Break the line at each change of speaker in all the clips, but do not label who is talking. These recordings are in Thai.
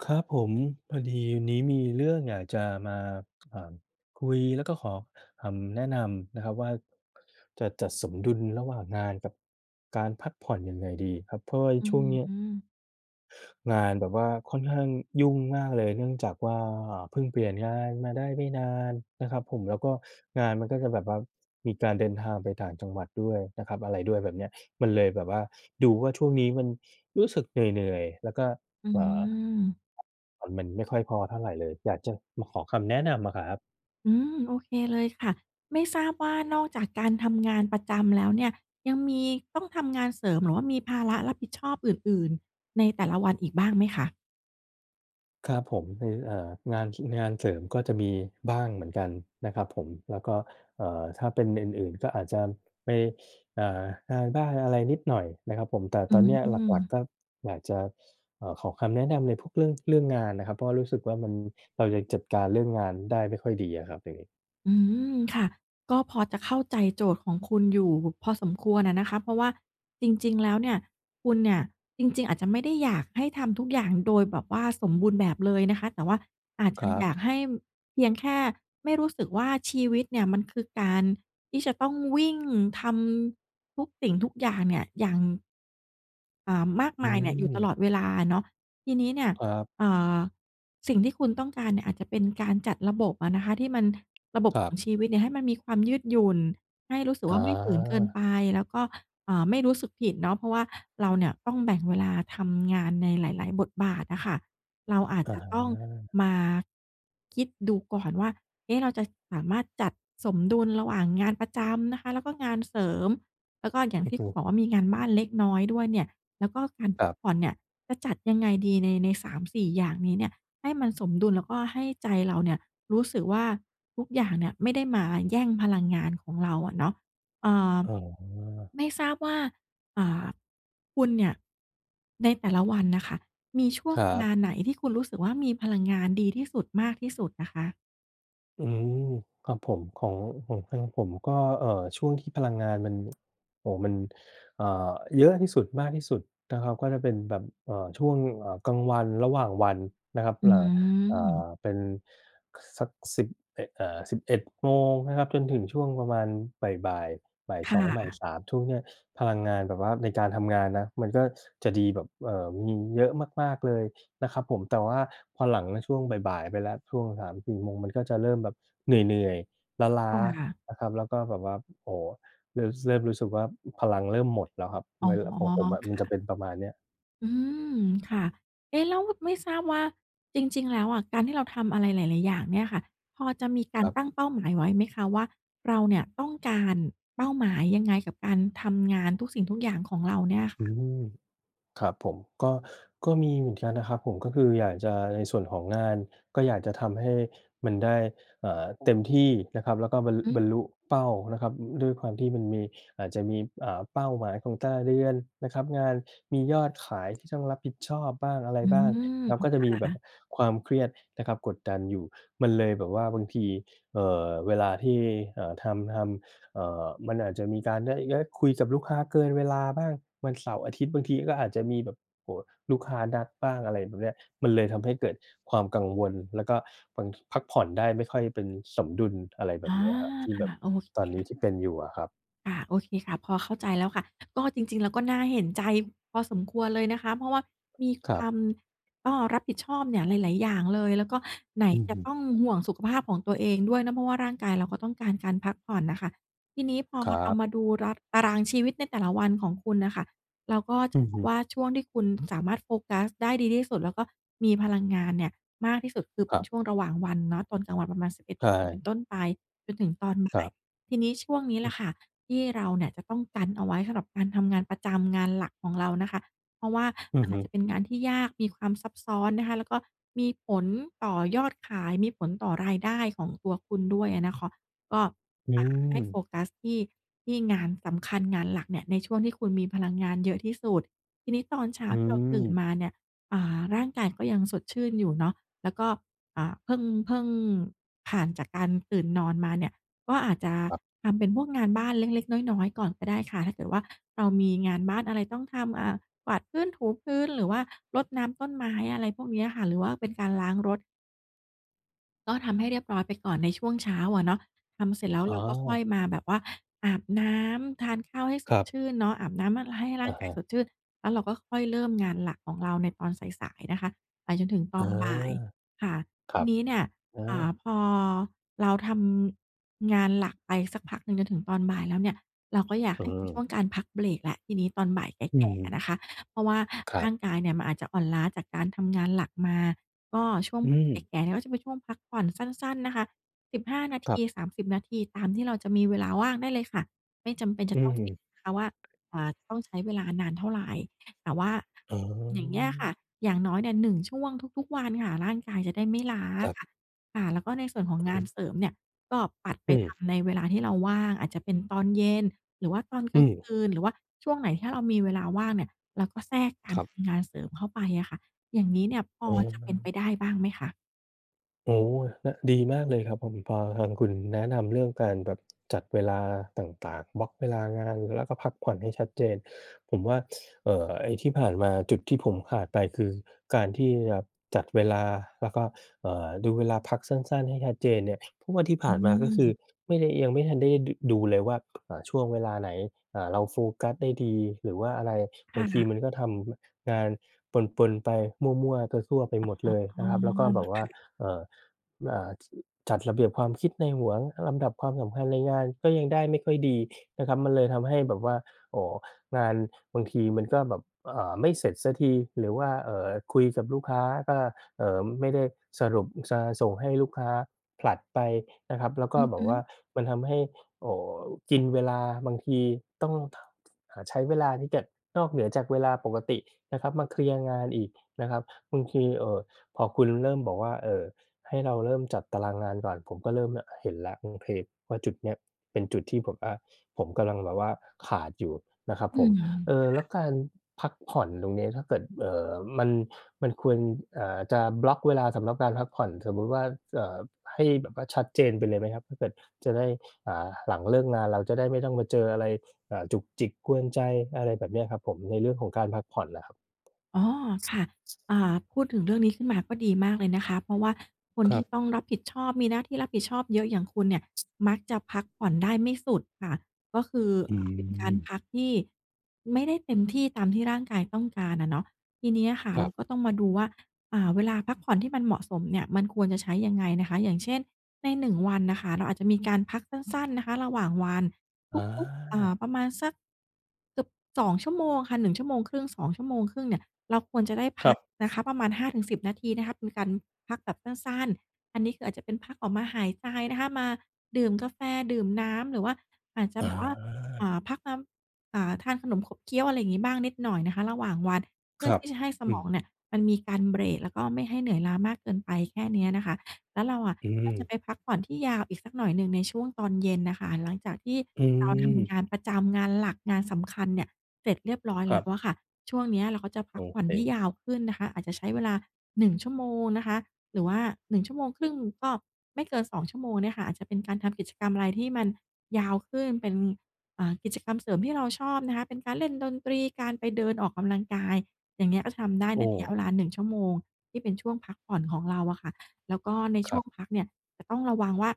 ครับผม พอดีวันนี้มีเรื่องอยากจะมา ค อ่า คุยแล้วก็ขอคำแนะนำนะครับว่า จะจัดสมดุลระหว่างงานกับการพักผ่อนยังไงดีครับ? เพราะว่าใน
อื
ช่วง
อ
นี้
ฮึ
งานแบบว่าค่อนข้างยุ่งมากเลย เนื่องจากว่า เพิ่งเปลี่ยนงานมาได้ไม่นานนะครับผม แล้วก็งานมันก็จะแบบว่า มีการเดินทางไปต่างจังหวัดด้วยนะครับ อะไรด้วยแบบเนี้ย มันเลยแบบว่า ดูว่าช่วงนี้มันรู้สึกเหนื่อย ๆ แล้วก็
อื
เอ่อ
ม
ผ่อนมันไม่ค่อยพอเท่าไรเลย อยากจะ มาขอคำแนะนำอะครับ
อืม โอเคเลยค่ะ ไม่ทราบว่า นอกจากการ ทำงานประจำแล้วเนี่ย ยังมีต้องทำงานเสริมหรือว่ามีภาระรับผิดชอบอื่น ๆ ในแต่ละวันอีกบ้างไหมคะ?
ครับผม เออ อ่า งานที่ งานเสริมก็จะมีบ้างเหมือนกันนะครับผม แล้วก็ เอ่อ ถ้าเป็นอื่น ๆ ก็อาจจะไป อ่า งานบ้านอะไรนิดหน่อยนะครับผม แต่
อ
ต
ื
อน
อ
เนี้ย
อื
หลัก
ม
ๆ ก็อยากจะ อ่า ขอคำแนะนำในพวกเรื่อง เรื่องงานน่ะครับ เพราะรู้สึกว่ามัน เรายังจัดการเรื่องงานได้ไม่ค่อยดีอะครับ อย่างงี้
อืม ค่ะ ก็พอจะเข้าใจโจทย์ของคุณอยู่พอสมควรอะนะคะ เพราะว่าจริง ๆ แล้วเนี่ย คุณเนี่ยจริง ๆ อาจจะไม่ได้อยากให้ทำทุกอย่าง โดยแบบว่า สมบูรณ์แบบเลยนะคะ แต่ว่าอาจจ
ค
ะ
รับ
อยากให้ เพียงแค่ไม่รู้สึกว่า ชีวิตเนี่ยมันคือการที่จะต้องวิ่งทำ ทุกสิ่งทุกอย่างเนี่ย อย่าง เอ่อ มาก
อื
มายเนี่ย อยู่ต
ม
ลอดเวลาเนาะ ทีนี้เนี่ย
ครับ
เอ่อ สิ่งที่คุณต้องการเนี่ยอาจจะเป็นการจัดระบบอะนะคะ ที่มัน ระบบ
คร
ข
ั
อ
บ
งชีวิตเนี่ยให้มันมีความยืดหยุ่น ให้รู้สึก
อ
ว่า ไม่ฝืนเกิน
า
ไป แล้วก็ เอ่อ ไม่รู้สึกผิดเนาะ เพราะว่าเราเนี่ยต้องแบ่งเวลาทำงานในหลาย ๆ บทบาทอะค่ะ เราอาจ
อะ
จะ
ฮ
ต้อง
ะ
มาคิดดูก่อนว่า เอ๊ะ เราจะสามารถจัดสมดุลระหว่างงานประจำนะคะ แล้วก็งานเสริม แล้วก็อย่าง
โอ
ท
้
ี่
โ
คุณ
ฮ
บอกว่า มีงานบ้านเล็กน้อยด้วยเนี่ย แล้วก็การพ
คร
ั
ั
ก
บ
ผ่อนเนี่ย จะจัดยังไงดี ใน ใน 3-4 อย่างนี้เนี่ย ให้มันสมดุล แล้วก็ให้ใจเราเนี่ยรู้สึกว่า ทุกอย่างเนี่ยไม่ได้มาแย่งพลังงานของเราอะเนาะ เอ่อ
อ๋อ
ไม่ทราบว่า อ่า คุณเนี่ยในแต่ละวันน่ะค่ะ มีช่ว
ค
ง
รั
เวล
บ
าไหนที่คุณรู้สึกว่า มีพลังงานดีที่สุด มากที่สุดอะคะ?
อืม ครับผม ของ ของทางผมก็ เอ่อ ช่วงที่พลังงานมัน โอ้โฮ มัน เอ่อ เยอะที่สุด มากที่สุดนะครับก็จะเป็นแบบ เอ่อ ช่วง เอ่อ กลางวันระหว่างวันนะครับ
อื
เอ่อ เอ่อ
ม
เป็นสักสิบเอะ เอ่อ 11 โมงนะครับ จนถึงช่วงประมาณบ่าย ๆ บ่าย
ค
ส
่
อง บ่าย
ะ
3 ช่วงเนี่ย พลังงานแบบว่าในการทำงานนะ มันก็จะดีแบบ เอ่อ มีเยอะมาก ๆ เลยนะครับผม แต่ว่าพอหลังช่วงบ่าย ๆ ไปแล้ว ช่วง 3-4 โมง มันก็จะเริ่มแบบเหนื่อย ๆ ล้า
ค่ะ
ๆ นะครับ แล้วก็แบบว่า โอ้โฮ เริ่ม ส เริ่มรู้สึกว่า พลังเริ่มหมดแล้วครับ
อ๋อ
ของผมอะ
ค
มัน
่
จะเ
ะ
ป็นประมาณเนี้ย
อืม ค่ะ เอ๊ะ! แล้วไม่ทราบว่า จริง ๆ แล้วอะการที่เราทำอะไรหลาย ๆ อย่างเนี่ยค่ะ พอจะมีก
ค
า
ร
ร
ับ
ตั้งเป้าหมายไว้ไหมคะ? ว่า เราเนี่ยต้องการเป้าหมายยังไง? กับการทำงานทุกสิ่งทุกอย่างของเราเนี่ย
อืม ครับผม ก็ ก็มีเหมือนกันนะครับผม ก็คืออยากจะ ในส่วนของงาน ก็อยากจะทำให้มันได้ อ่า เต็ม ที่นะครับ แล้วก็บรร ล
อืม
บรรลุเป้านะครับ อือ อือ ด้วยความที่มันมี อาจจะมี อ่า เป้าหมายของแต่ละเดือนนะครับ งานมียอดขาย ที่ต้องรับผิดชอบบ้างอะไร
อื
บ้าง แล้
ม
วก็จะมีแบบความเครียดนะครับกดดันอยู่ มันเลยแบบว่าบางที เอ่อ เวลาที่ เอ่อ ทำ ทำ เอ่อ มันอาจจะมีการได้ ได้คุยกับลูกค้าเกินเวลาบ้าง วันเสาร์-อาทิตย์ บางทีก็อาจจะมีแบบ โอ้โฮ ลูกค้านัดบ้าง อะไรแบบเนี้ย มันเลยทำให้เกิดความกังวล แล้วก็บาง ท พักผ่อนได้ไม่ค่อยเป็นสมดุล อะไรแบ
อ
บ
า
เนี้ยครับ ที่แบบ
โอเค
ตอนนี้ที่เป็นอยู่อะครับ
ค่ะ ค่ะ โอเคค่ะ พอเข้าใจแล้วค่ะ ก็ จริง ๆ แล้วก็น่าเห็นใจพอสมควรเลยนะคะ เพราะว่ามี
ค
ค
ร
ว
ับ
าม ก็ รับผิดชอบเนี่ยหลาย ๆ อย่างเลย แล้วก็ไหน
อือ
จ
ฮ
ะ
ึ
ต้องห่วงสุขภาพของตัวเองด้วยนะ เพราะว่าร่างกายเราก็ต้องการการพักผ่อนน่ะค่ะ ทีนี้พอ
ครั
เรา
บ
มาดูรัด ตารางชีวิตในแต่ละวันของคุณน่ะค่ะ เราก็จ
อ
ะ
ือ
พ
ฮ
บ
ึ
ว่าช่วงที่คุณ สามารถโฟกัสได้ดีที่สุด แล้วก็มีพลังงานเนี่ยมากที่สุด คือ
ครับ
ช่วงระหว่างวันเนาะ ตอนกลางวันประมาณ 11
ใช
โมงเป็น
่
ต้นไป จนถึงตอนบ
ค
่า
รั
ย
บ
ทีนี้ช่วงนี้
อ
ล
ื
่ะ
อ
ค่ะ ที่เราเนี่ยจะต้องกันเอาไว้สำหรับการทำงานประจำ งานหลักของเรานะคะ เพราะว่า
อือ
อ
ฮ
าจ
ึ
จะเป็นงานที่ยาก มีความซับซ้อนนะคะ แล้วก็มีผลต่อยอดขาย มีผลต่อรายได้ของตัวคุณด้วยอะนะเคาะ ก็
อื
อ่า ให้โฟ
ม
กัสที่ ที่งานสำคัญ งานหลักเนี่ยในช่วงที่คุณมีพลังงานเยอะที่สุด ทีนี้ตอนเช้า
อื
ที่เราตื่น
ม
มาเนี่ย อ่า ร่างกายก็ยังสดชื่นอยู่เนาะ แล้วก็ อ่า เพิ่ง เพิ่งผ่านจากการตื่นนอนมาเนี่ย ก็อาจจะ
ครับ
ทำเป็นพวกงานบ้านเล็ก ๆ น้อย ๆ ก่อนก็ได้ค่ะ ถ้าเกิดว่า เรามีงานบ้านอะไรต้องทำ อ่า กวาดพื้น ถูพื้น หรือว่า รดน้ำต้นไม้ อะไรพวกเนี้ยค่ะ หรือว่าเป็นการล้างรถ ก็ทำให้เรียบร้อยไปก่อนในช่วงเช้าอะเนาะ ทำเสร็จแล้ว
อ๋
เราก็ค่อ
อ
ยมาแบบว่าอาบน้ำ ทานข้าวให้ส
คร
ด
ับ
ชื่นเนาะ อาบน้ำมัน ให้ร่
อ
า
ะ
ง
ฮ
กาย
ะ
สดชื่น แล้วเราก็ค่อยเริ่มงานหลักของเราในตอนสาย ๆ นะคะไปจนถึงต
อ
อ
า
นบ่ายค่ะ
ค
ท
รั
ี
บ
นี้เนี่ย
อ
อ่า
า
พอเราทำงานหลักไปสักพักหนึ่งจนถึงตอนบ่ายแล้วเนี่ย เราก็อยาก
เ
ให้เป็น
อ
ช่
อ
วงการพักเบรกแล้ว ทีนี้ตอนบ่ายแ
อื
ก่ ๆ อะ
ม
นะคะ เพราะว่า
คร
ร
ั
่
บ
างกายเนี่ยมันอาจจะอ่อนล้าจากการทำงานหลักมา ก็ช่วง
อื
บ่ายแ
ม
ก่ ๆ เนี่ยก็จะเป็นช่วงพักผ่อนสั้น ๆ นะคะ 15 นา
ค
ท
รับ
ี 30 นาที ตามที่เราจะมีเวลาว่างได้เลยค่ะ ไม่จำเป็นจ
อ
ะต้องฟิก
ือ
ซ์นะคะว่า อ่า ต้องใช้เวลานานเท่าไร แต่ว่า
อ๋
อย่างเงี้ยค่
อ
ะ อย่างน้อยเนี่ย 1 ช่วงทุก ๆ วันค่ะ ร่างกายจะได้ไม่ล้า
ครับ
ค่ะ ค่ะ แล้วก็ในส่วนของ
อ
งาน
ืม
เสริมเนี่ยก็ปัดไ
อ
ป
ื
ท
ม
ำในเวลาที่เราว่าง อาจจะเป็นตอนเย็น หรือว่าตอนก
อื
ลาง
ม
คืน หรือว่าช่วงไหนที่เรามีเวลาว่างเนี่ยเราก็แทรกกา
ค
ร
รับ
ทำงานเสริมเข้าไปอะค่ะ อย่างงี้เนี่ยพ
เ
อจะเป็น
ออ
ไปได้บ้างไหมคะ?
โอ้โฮ! อะ ดีมากเลยครับผม พอทางคุณแนะนำเรื่องการแบบจัดเวลาต่าง ๆ บล็อกเวลางานแล้วก็พักผ่อนให้ชัดเจน ผมว่า เอ่อ ไอ้ที่ผ่านมา จุดที่ผมขาดไปคือการที่แบบจัดเวลาแล้วก็ เอ่อ ดูเวลาพักสั้น ๆ ให้ชัดเจนเนี่ย เพราะว่าที่ผ
อ
่านมาก็คือ
ืม
ไม่ได้ ยังไม่ทันได้ ด ดูเลยว่า อ่า ช่วงเวลาไหน อ่า เราโฟกัสได้ดีหรือว่าอะไร บ
ค
า
่
งที
ะ
มันก็ทำ ม งานปน ๆ ไป มั่ว ๆ ซั่ว ๆ ไปหมดเลย
อ๋
น
อ
ะครับ แล้วก็แบบว
ค
่า
่ะ
เอ่อ อ่า จัดระเบียบความคิดในหัว ลำดับความสำคัญในงานก็ยังได้ไม่ค่อยดีนะครับ มันเลยทำให้แบบว่า โอ้โฮ งานบางทีมันก็แบบ อ่า ไม่เสร็จสักที หรือว่า เอ่อ คุยกับลูกค้าก็ เอ่อ ไม่ได้สรุปจะ ส่งให้ลูกค้า ผลัดไปนะครับ แล้วก
อ
็
ือ
แบ
ฮ
บว่า
ึ
มันทำให้ โอ้ กินเวลา บางทีต้อง ทะ หะ ใช้เวลาที่จะ นอกเหนือจากเวลาปกตินะครับมาเคลียร์งานอีกนะครับ บางที เอ่อ พอคุณเริ่ม บอกว่า เอ่อ ให้เราเริ่มจัดตารางงานก่อน ผมก็เริ่มแล่ะ เห็นแล้ว โอเค ว่า จุดเนี้ยเป็นจุดที่ผมว่า ผมกำลังแบบว่าขาดอยู่นะครับ
อื
ผม
ม
เอ่อ แล้วการพักผ่อนตรงเนี้ย ถ้าเกิด เอ่อ มัน มันควร เอ่อ จะบล็อกเวลาสำหรับการพักผ่อน สมมุติว่า เจิ่บ ให้แบบว่าชัดเจนไปเลยไหมครับ? ถ้าเกิด จะได้ อ่า หลังเลิกงานเราจะได้ไม่ต้องมาเจออะไร อ่า จุกจิกกวนใจ อะไรแบบเนี้ยครับผม ในเรื่องของการพักผ่อนน่ะครับ
อ๋อ ค่ะ อ่า พูดถึงเรื่องนี้ขึ้นมาก็ดีมากเลยนะคะ เพราะว่าคน
คร
ท
ั
ี่
บ
ต้องรับผิดชอบ มีหน้าที่รับผิดชอบเยอะอย่างคุณเนี่ย มักจะพักผ่อนได้ไม่สุดค่ะ ก็คือ
อื
อ่า เป็นการ
ม
พักที่ไม่ได้เต็มที่ตามที่ร่างกายต้องการอะเนาะ ทีนี้อะค่ะ
คร
เร
ั
า
บ
ก็ต้องมาดูว่า อ่า เวลาพักผ่อนที่มันเหมาะสมเนี่ยมันควรจะใช้ยังไงนะคะ อย่างเช่น ในหนึ่งวันน่ะค่ะเราอาจจะมีการพักสั้น ๆ นะคะระหว่างวัน
อ
ทุก ๆ อ่า
า
ประมาณสัก อึบ 2 ชั่วโมงค่ะ 1 ชั่วโมงครึ่ง 2 ชั่วโมงครึ่งเนี่ยเราควรจะได้พ
ครั
ักนะ
บ
คะประมาณ 5-10 นาทีนะคะ เป็นการพักแบบสั้น ๆ อันนี้คืออาจจะเป็นพักออกมาหายใจนะคะ มาดื่มกาแฟ ดื่มน้ำ หรือว่า อาจจะ
อ
แบ
า
บว่า อ่า พักน้ำ อ่า ทานขนมขบเคี้ยว อะไรอย่างงี้บ้างนิดหน่อยนะคะระหว่างวัน เพื
ค
่อ
รั
ท
บ
ี่จะให้ส
อื
มอง
ม
เนี่ยมันมีการเบรก แล้วก็ไม่ให้เหนื่อยล้ามากเกินไป แค่เนี้ยนะคะ แล้วเราอะ
อื
ก็จ
ม
ะไปพักผ่อนที่ยาวอีกสักหน่อยหนึ่งในช่วงตอนเย็นน่ะค่ะ หลังจากที่
อื
เราท
ม
ำงานประจำ งานหลัก งานสำคัญเนี่ยเสร็จเรียบร้อย
ค
แ
ร
ล
ั
้
บ
วอะค่ะ ช่วงเนี้ยเราก็จะพั
โอ
กผ่อ
เ
นให้
ค
ยาวขึ้นนะคะ อาจจะใช้เวลา 1 ชั่วโมงนะคะ หรือว่า 1 ชั่วโมงครึ่ง ก็ไม่เกิน 2 ชั่วโมงเนี่ยค่ะ อาจจะเป็นการทำกิจกรรมอะไรที่มันยาวขึ้น เป็น อ่า กิจกรรมเสริมที่เราชอบนะคะ เป็นการเล่นดนตรี การไปเดินออกกำลังกาย อย่างเงี้ย ก็ทำได้
โอ
ในระยะเ
้
วลา 1 ชั่วโมงที่เป็นช่วงพักผ่อนของเราอะค่ะ แล้วก็ในช
คร
่
ั
ว
บ
งพักเนี่ยจะต้องระวังว่า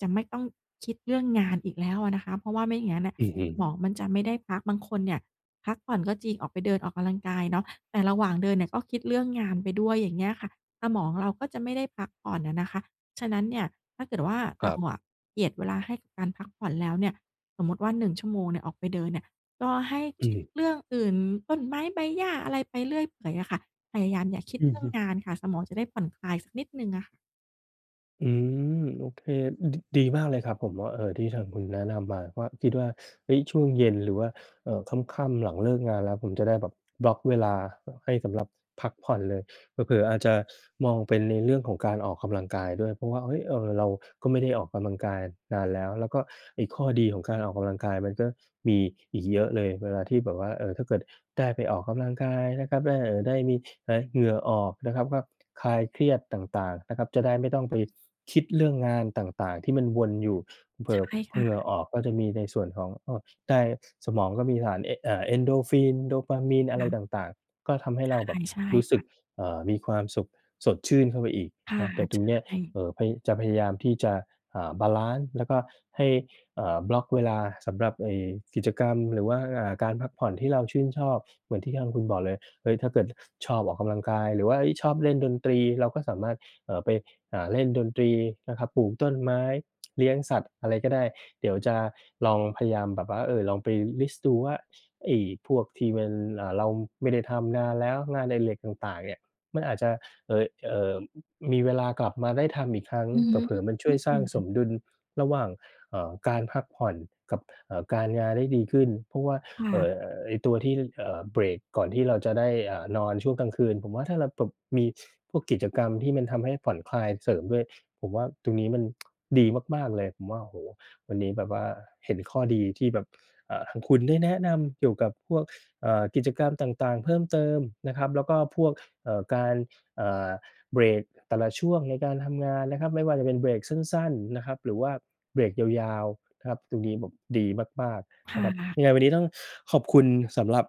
จะ ไม่ต้องคิดเรื่องงานอีกแล้วอะนะคะ เพราะว่าไม่อย่างงั้นอะ
อือฮึ
สมองมันจะไม่ได้พัก บางคนเนี่ยพักผ่อนก็จริง ออกไปเดินออกกำลังกายเนาะ แต่ระหว่างเดินเนี่ยก็คิดเรื่องงานไปด้วย อย่างเงี้ยค่ะ สมองเราก็จะไม่ได้พักผ่อนอะนะคะ ฉะนั้นเนี่ย ถ้าเกิดว่า
ค
เร
ร
า
ับ
อะเจียดเวลาให้กับการพักผ่อนแล้วเนี่ย สมมติว่า 1 ชั่วโมงเนี่ยออกไปเดินเนี่ย ก็ให้
อื
คิด
ม
เรื่องอื่น ต้นไม้ใบหญ้า อะไรไปเรื่อยเปื่อยอะค่ะ พยายามอย่าคิด
อื
เร
อ
ื่
ฮ
อง
ึ
งานค่ะ สมองจะได้ผ่อนคลายสักนิดหนึ่งง้ะ
อืม โอเค อือฮึ ดีมากเลยครับ ผมว่า เอ่อ ที่ทางคุณแนะนำมาว่า คิดว่า เฮ้ย ช่วงเย็นหรือว่า เอ่อ ค่ำ ๆ หลังเลิกงานแล้ว ผมจะได้แบบบล็อกเวลา ห ให้สำหรับพักผ่อนเลย เผลอ ๆ อาจจะมองเป็นในเรื่องของการออกกำลังกายด้วย เพราะว่า เฮ้ย เออ เราก็ไม่ได้ออกกำลังกายนานแล้ว แล้วก็ไอ้ข้อดีของการออกกำลังกายมันก็มีอีกเยอะเลย เวลาที่แบบว่า เออ ถ้าเกิดได้ไปออกกำลังกายนะครับ ได้ เอ่อ ได้มี ไหน เหงื้อออกนะครับ ก็คลายเครียดต่าง ๆ นะครับ จะได้ไม่ต้องไปคิดเรื่องงานต่าง ๆ ที่มันวนอยู่ เผล
ใช
อ
่
ๆ พ
ค
อ
่
เหงื่อ
ะ
ออกก็จะมีในส่วนของ อ้อ ได้ สมองก็มีสารเอ อ่า Endorphin Dopamine
ค
อะไร
่ะ
ต่าง ๆ ก็ทำให้
ใช
เร
่
าแบบ
ใช่
รู้ส
ค
ึ
่
ก
ะ
เอ่อ มีความสุขสดชื่นเข้าไปอีก
ค่
เ
ะ
นาะ เดี๋ยวตรงเนี้ย
ใช่
เอ่อ พยา จะพยายามที่จะ อ่า บาลันซ์ แล้วก็ให้ เอ่อ บล็อกเวลาสำหรับไอ้กิจกรรม หรือว่าการพักผ่อนที่เราชื่นชอบเหมือนที่ทางคุณบอกเลย เฮ้ย ถ้าเกิดชอบออกกำลังกาย หรือว่า เฮ้ย ชอบเล่นดนตรี เราก็สามารถ เอ่อ ไป อ่า เล่นดนตรีนะครับ ปลูกต้นไม้ เลี้ยงสัตว์อะไรก็ได้ เดี๋ยวจะลองพยายามแบบว่า เอ่อ ลองไป List ดูว่า ไอ้พวกที่มัน อ่า เราไม่ได้ทำนานแล้ว งานอดิเรกต่าง ๆ เนี่ยมันอาจจะ เออ เอ่อ มีเวลากลับมาได้ทำอีกครั้ง
อือ
เ
ฮึ
ผลอ ๆ มันช
อ
่
ื
วยสร้างส
ม
มดุลระหว่าง เอ่อ การพักผ่อนกับ เอ่อ การงานได้ดีขึ้น เพราะว่า
ค่
เอ่อ
ะ
ไอ้ตัวที่ เอ่อ เบรกก่อนที่เราจะได้ อ่า นอนช่วงกลางคืน ผมว่าถ้าเราแบบมีพวก กิจกรรมที่มันทำให้ผ่อนคลายเสริมด้วย ผมว่าตรงนี้มัน ดีมาก ๆ เลย ผมว่า โอ้โฮ วันนี้แบบว่าเห็นข้อดีที่แบบ อ่า ทางคุณได้แนะนำเกี่ยวกับพวก อ่า กิจกรรมต่าง ๆ เพิ่มเติมนะครับ แล้วก็พวก เอ่อ การ อ่า เบรกแต่ละช่วงในการทำงานนะครับ ไม่ว่าจะเป็นเบรกสั้น ๆ นะครับหรือว่าเบรกยาว ๆ นะครับ ตรงนี้แบบดีมาก
ค
ๆ น
่
ะครับ
ะ
ยังไงวันนี้ต้องขอบคุณสำหรับ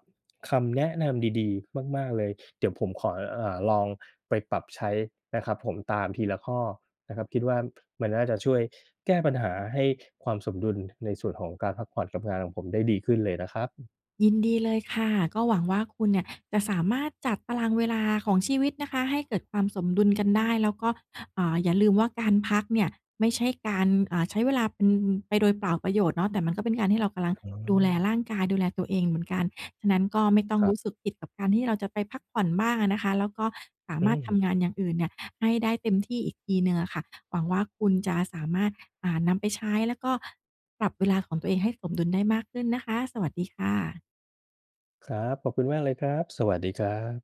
คำแนะนำดี ๆ มาก ๆ เลย เดี๋ยวผมขอ อ่า ลองไปปรับใช้นะครับผม ตามทีละข้อนะครับ คิดว่ามันน่าจะช่วยแก้ปัญหาให้ความสมดุลในส่วนของการพักผ่อนกับงานของผมได้ดีขึ้นเลยนะครับ
ยินดีเลยค่ะ ก็หวังว่า คุณเนี่ยจะ สามารถจัดตารางเวลาของชีวิตนะคะให้เกิดความสมดุลกันได้ แล้วก็ อ่า อย่าลืมว่า การพักเนี่ยไม่ใช่การ อ่า ใช้เวลาเป็น ไปโดยเปล่าประโยชน์เนาะ แต่มันก็เป็นการที่ เรากำลัง
อ๋
ดูแล
อ
ร่างกาย ดูแลตัวเองเหมือนกัน ฉะนั้นก็ไม่ต้อง
คร
ร
ั
ู
บ
้สึกผิดกับการที่เราจะไปพักผ่อนบ้างอะนะคะ แล้วก็สา
อื
มารถท
ม
ำงานอย่างอื่นเนี่ยให้ได้เต็มที่อีกทีหนึ่งอะค่ะ หวังว่าคุณจะสามารถ อ่า นำไปใช้ แล้วก็ปรับเวลาของตัวเองให้สมดุลได้มากขึ้นนะคะ สวัสดีค่ะ
ครับ ขอบคุณมากเลยครับ สวัสดีครับ